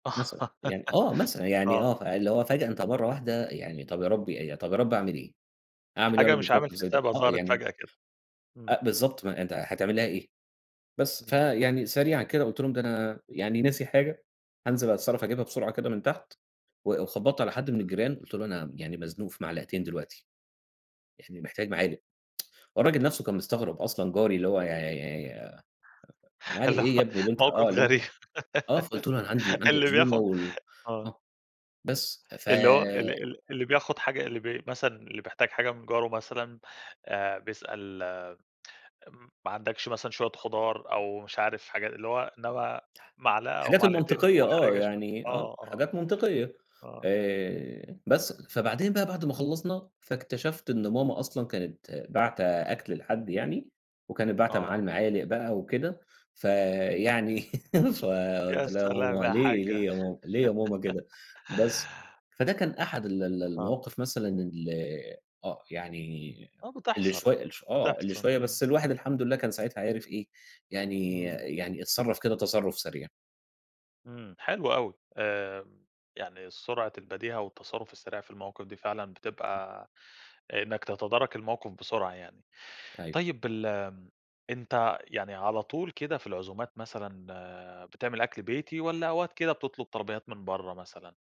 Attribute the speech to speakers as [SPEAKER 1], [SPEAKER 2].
[SPEAKER 1] مثلًا. يعني آه مثلًا، يعني
[SPEAKER 2] آه.
[SPEAKER 1] آه، فاللي هو فجأة أنت مرّة
[SPEAKER 2] إمم.
[SPEAKER 1] واحدة يعني طَب يا رَبّي ي
[SPEAKER 2] اهم.
[SPEAKER 1] طَب يا رَبّي أعمِل إيه؟ أعمل إيه يا
[SPEAKER 2] حاجة
[SPEAKER 1] رَبّي في
[SPEAKER 2] مش عامل
[SPEAKER 1] موقِف زي ده؟
[SPEAKER 2] حسابها
[SPEAKER 1] آه،
[SPEAKER 2] ظهرت
[SPEAKER 1] يعني
[SPEAKER 2] فجأة كده. إمم.
[SPEAKER 1] أ بالضبط. ما أنت هتعمل لها إيه؟ بس،
[SPEAKER 2] إمم.
[SPEAKER 1] فيعني سريعًا كده قُلت لهم: "ده أنا يعني ناسي حاجة هانزل أتصرّف أجيبها بسرعة كده من تحت." و وخبّطت على حد من الجيران، قُلت له: "أنا يعني مزنوق في معلقتين دلوقتي يعني محتاج معالق." هو الراجل نَفْسه كان مستغرب أصلًا جاري اللي هو يع ي "معالِق
[SPEAKER 2] اللي
[SPEAKER 1] إيه يا
[SPEAKER 2] هو
[SPEAKER 1] ابني اللي أنت" آه،
[SPEAKER 2] موقِف
[SPEAKER 1] اللي أنت
[SPEAKER 2] غريب.
[SPEAKER 1] آه. فقُلت له: "أنا عندي عندي
[SPEAKER 2] اللي
[SPEAKER 1] عزومة
[SPEAKER 2] بياخُد
[SPEAKER 1] وال"
[SPEAKER 2] آه.
[SPEAKER 1] آه. بس، ف
[SPEAKER 2] اللي هو ال ال اللي بياخُد حاجة اللي بي مثلًا اللي بيحتاج حاجة من جاره مثلًا، آآ بيسأل م ما عندكش مثلًا شوية خُضار أو مش عارف حاجا اللي هو إنما معلقة أو
[SPEAKER 1] الحاجات
[SPEAKER 2] معلقتين
[SPEAKER 1] المنطقية آه،
[SPEAKER 2] مُحرِجة شوي
[SPEAKER 1] يعني آه.
[SPEAKER 2] آه، آه.
[SPEAKER 1] حاجات منطقية،
[SPEAKER 2] آه.
[SPEAKER 1] آآ بس. فبعدين بقى بعد ما خلّصنا، فاكتشفت إن
[SPEAKER 2] إمم.
[SPEAKER 1] ماما أصلًا كانت باعتة أكْل لحد يعني وكانت باعتة معاه
[SPEAKER 2] آه.
[SPEAKER 1] المعالِق بقى وكده، فيعني فقُلت
[SPEAKER 2] يا
[SPEAKER 1] لها: "يا
[SPEAKER 2] سلام
[SPEAKER 1] ماما
[SPEAKER 2] يا
[SPEAKER 1] ليه،
[SPEAKER 2] حاجّة.
[SPEAKER 1] ليه يا ماما، ليه يا ماما كده؟" بس. فده كان أحد ال ال
[SPEAKER 2] آه.
[SPEAKER 1] المواقِف مثلًا اللي آه. يعني
[SPEAKER 2] آه
[SPEAKER 1] اللي
[SPEAKER 2] بتحصل،
[SPEAKER 1] شوية اللي ش آه. اللي
[SPEAKER 2] بتحصل،
[SPEAKER 1] شوية،
[SPEAKER 2] إمم.
[SPEAKER 1] بس الواحد الحمد
[SPEAKER 2] إمم.
[SPEAKER 1] لله كان ساعتها عِرِف إيه، يعني
[SPEAKER 2] إمم.
[SPEAKER 1] يعني اتصرّف كده تصرُّف سريع.
[SPEAKER 2] إمم، حلو أوي. آمم يعني سرعة البديهة والتصرُّف السريع في المواقِف دي فعلًا بتبقى إنّك تتدارَك الموقِف بسرعة يعني.
[SPEAKER 1] أيوه.
[SPEAKER 2] طيب الم أنت يعني على طول كده في العزومات مثلًا بتعمل أكل بيتي والّا أوقات كده بتطلُب طلبيّات من برّه مثلًا؟